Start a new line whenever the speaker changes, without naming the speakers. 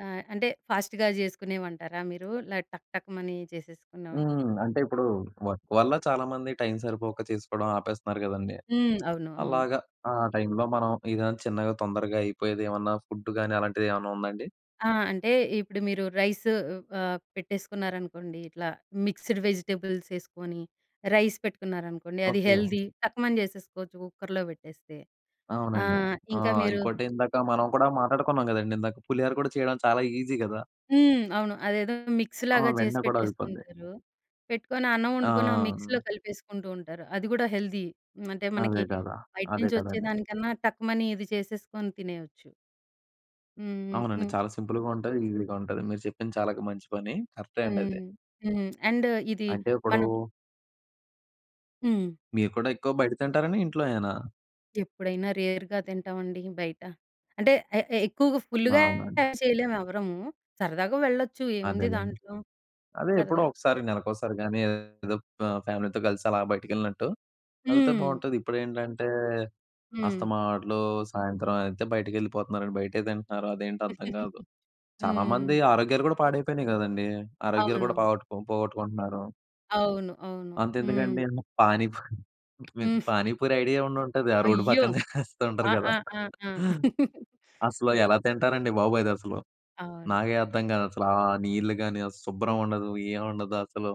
ఆ! అంటే ఫాస్ట్‌గా జేసుకునేవంటారా మీరు? లడ్ టక్ టక్ మని చేసేసుకున్నవా?
హ్మ్. అంటే ఇప్పుడు వర్క్ వల్ల చాలామంది టైమ్ సరిపోక చేసుకోవడం ఆపేస్తన్నారు గదండీ!
హ్మ్. అవును, అవును.
అలాగా ఆ టైమ్‌లో మనం ఏదైనా చిన్నగా తొందరగా అయిపోయేది ఏమన్నా ఫుడ్ గాని అలాంటిది ఏవన్నా ఉందా అండి?
ఆ! అంటే ఇప్పుడు మీరు రైస్ అ ఆహ్, పెట్టేసుకున్నారనుకోండి, ఇట్లా మిక్స్‌డ్ వెజిటబుల్స్ ఏసుకొని, రైస్ పెట్టుకున్నారనుకోండి, అది
ఓకే.
హెల్తీ. టక్కుమని జేసేసుకోవచ్చు కుక్కర్‌లో పెట్టేస్తే.
అవునండి.
ఆహ్,
ఆ!
ఇంక మీరు
ఇంకోటేందాక మనం కూడా మాటా‌డుకున్నాం గదండీ! ఇందాక, పులిహార కూడా చేయడం చాలా ఈజీ గదా!
హ్మ్. అవును. అదేదో
ఆ!
మిక్స్‌లాగా చేసి
వెంటనే కూడా అయిపోద్ది.
పెట్టేసుకుంటారు. పెట్టుకొని అన్నం వండుకొని ఆ మిక్స్‌లో
ఆ!
కలిపేసుకుంటూ ఉంటారు. అది గూడా హెల్తీ. అంటే మనకి
అదే గదా!
బయట
అదే
నుంచి
కదండీ!
వచ్చేదానికన్నా టక్కుమని ఇది చేసేసుకొని తినేయొచ్చు. హుహు.
అవునండి.
హ్మ్.
చాలా సింపుల్‌గా ఉంటది, ఈజీగా ఉంటది. మీరు చెప్పింది చాలగ మంచి పని. కరక్టే అండి అది.
హ్మ్. హ్మ్. అండ్ ఇది
అంటే ఎప్పుడు?
మనం హ్మ్.
మీరు కూడా ఎక్కువ బయట తింటారని ఇంట్లోయేనా?
ఎప్పుడైనా రేర్‌గా తింటావండి బయట. అంటే ఎ ఎ ఎక్కువగా
ఆ!
ఫుల్‌గా
అవునండి.
ఏం చేయలేం ఎవ్వరము. సరదాగా వెళ్ళొచ్చు ఏముంది
అదేలెండి.
దాంట్లో.
అదే ఎప్పుడో
సరదా
ఒకసారి. నెలకు ఒకసారి గానీ, ఏదో అప్ ఫ్యామిలీతో గలిసి అలా బయటికి ఎళ్ళినట్టు ఎళ్తే
హ్మ్.
బాగుంటది. ఇప్పుడేంటంటే,
హ్మ్.
అస్తమాట్లు సాయంత్రం అయితే బయటికి ఎళ్ళిపోతున్నారండి. బయటే తింటన్నారు. అదేంటో అర్థం గాదు. చాలామంది
హ్మ్.
ఆరోగ్యాలు గూడా పాడైపోయినయి గదండీ! ఆరోగ్యాలు గూడా
అవునవును.
పాగొట్టుకో పోగొట్టుకుంటున్నారు.
అవును. అవును.
అంతెందుకండి.
హ్మ్.
పానీపూరి మీకు
హ్మ్.
పానీపూరి ఐడియా ఉండుంటది. ఆ రోడ్డు
అయ్యో!
పక్కన జేస్తూ ఉంటారు
ఆ!
గదా!
ఆ! ఆ! ఆ!
అసలు
అ!
ఎలా తింటారండి బాబు అదేసలు.
అవును.
నాకే అర్థం గాదు అసలా. ఆ నీళ్ళు గాని ఆ శుభ్రం ఉండదు. ఏం ఉండదు అసలు.